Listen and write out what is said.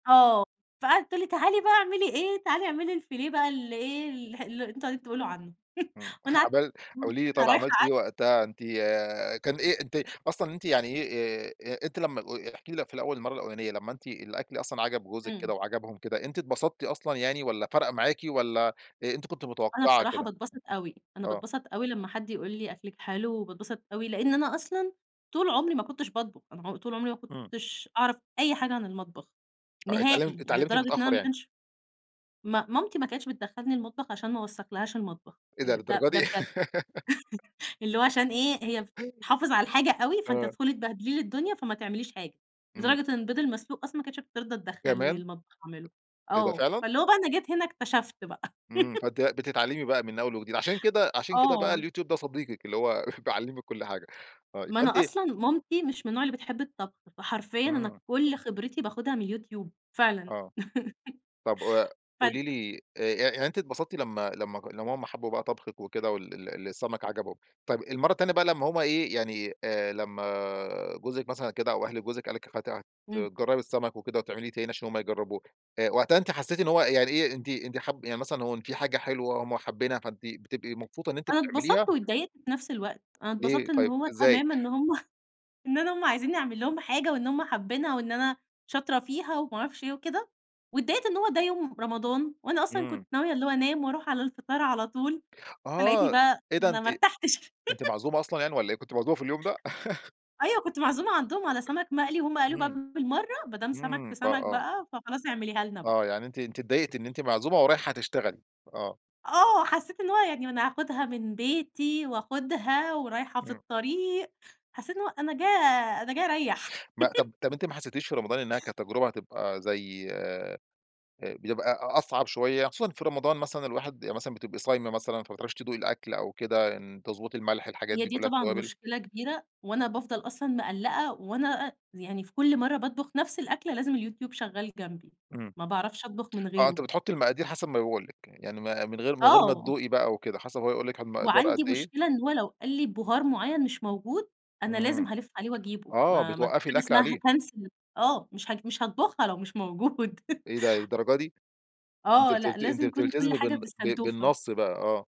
آه، فقعدت تقول لِي تعالي بقى اعملي إيه، تعالي اعملي الفيليه بقى الإيه، ال الحل اللي أنتم قاعدين تقولوا عنه، امم، وأنا قعدت عمل [unintelligible] قولي لي طيب وأنا رايحة عملتِ إيه [unintelligible] وقتها أنتِ آآ كان إيه أنتِ أصلًا إن أنتِ يعني إيه أ أ أنتِ لمّا أ و احكي لي لو في الأول المَرّة الأوّلانية لمّا أنتِ الأكل أصلًا عجب جوزِك امم. كده وعجبهُم كده، أنتِ اتبسطتِ أصلًا يعني ولّا فرق معاكِ ولّا أنتِ كنت أنا متوقعة بصراحة كده؟ باتبسط أوي، أنا آه. باتبسط أوي لمّا حد يقول لِي أكلِك حلو، وباتبسط أوي لأن أنا أصلًا طول عمري ما كنتش باطبخ، أنا عم طول عمري ما امم. كنتش أعرف أي حاجة عن المطبخ آه اتعلم نهائي. يعني اتعلمتِ لدرجة إن أنا متأخر يعني. ماكنش ما مامتي ما كانتش بتدخلني المطبخ عشان ما أوسخش لها المطبخ، إيه ده! يعني ده للدرجة ده دي! بجد. اللي هو عشان إيه هي تحافظ على الحاجة أوي فأنتِ آه. هتدخلي تبهدلي لي الدنيا فما تعمليش حاجة، امم. لدرجة إن البيض المسلوق أصلًا ما كانتش بترضى تدخلني كمان. المطبخ أعمله، إيه ده آه، فعلًا؟ فاللي هو بقى أنا جيت هنا اكتشفت بقى. امم، فأنتِ بقى بتتعلمي بقى من أول وجديد، عشان كده عشان كده بقى آه. اليوتيوب ده صديقِك اللي هو بيعلمِك كُل حاجة. آه ما أنا [unintelligible] أصلًا مامتي مش من نوع اللي بتحب الطبخ، فحرفيًا أنا امم. كل خبرتي باخدها من اليوتيوب فعلًا. آه. طب وأ فال قولي لي أ يع يعني أنتِ اتبسطتِ لمّا لمّا لمّا هُم حبوا بقى طبخِك وكده وال ال السمك عجبهُم. طيب المرة التانية بقى لمّا هم إيه يعني آآ، لمّا جوزِك مثلًا كده أو أهل جوزِك قال لِك هت امم. تجربي السمك وكده وتعمليه تاني عشان هُم يجربوه، أ وقتها أنتِ حسيتِ إن هو يعني إيه أنتِ أنتِ حاب يعني مثلًا هو إن في حاجة حلوة هُم حابينها فأنتِ بتبقي مبسوطة إن أنتِ أنا بتعمليها؟ اتبسطت واتضايقت في نفس الوقت، أنا ليه اتبسطت إن طيب، هو إزاي؟ تمامًا إن هُم إن أنا هُم عايزيني أعمل لهُم حاجة وإن هُم حابينها وإن أنا شاطرة فيها وما أعرفش إيه وكده، واتضايقت إن هو ده يوم رمضان وأنا أصلًا امم. كنت ناوية اللي هو أنام واروح على الفطار على طول، فلقيتني آه، بقى إيه ده أنا أنتِ ما ارتاحتش. أنتِ معزومة أصلًا يعني والّا إيه؟ كنتِ معزومة في اليوم ده؟ أيوه كنت معزومة عندهُم على سمك مقلي وهُم قالوا امم، بالمرة ما دام سمك امم، في ف سمك آه. بقى فخلاص اعمليها لنا بقى. آه، يعني أنتِ أنتِ اضايقتِ إن أنتِ معزومة ورايحة تشتغلي، آه. آه، حسيت إن هو يعني ما أنا هاخدها من بيتي وآخدها ورايحة في امم. الطريق، حسيت إن هو أنا جاية أنا جاية أريح. ما طب طب أنتِ ما حسيتيش في رمضان إنها كتجربة هتبقى زي آآ، بيبقى أصعب شوية؟ خصوصًا في رمضان مثلًا الواحد بيب مثلًا بتبقي صايمة مثلًا فما تعرفيش تدوقي الأكل أو كده إن تضُبطي الملح الحاجات هي دي دي كُلّها طبعًا التوابل. مشكلة كبيرة، وأنا بافضل أصلًا مقلقة وأنا أ يعني في كل مرة باطبخ نفس الأكله لازم اليوتيوب شغال جنبي، امم. ما باعرفش أطبخ من آه، أنتِ غيره. بتحطي المقادير حسب ما بيقول لِك يعني، يعني ما من غير من غير ما آه. تدوقي بقى وكده حسب هو يقول لِك المقدار قد وعندي إيه. مشكلة إن هو لو قال لِي بهار معين مش موجود، أنا امم، لازم هالَف عليه وأجيبه، آه ما ما فيش بتوقفي حاجة الأكل اسمها عليه. هاكنسل ال آه مش ه مش هاطبُخها لو مش موجود. إيه ده للدرجة دي! أنتِ آه، لأ بت أنتِ لازم يكون كل بتلتزمي حاجة بن ب ب بالسنتوفة. بالنص بقى، آه.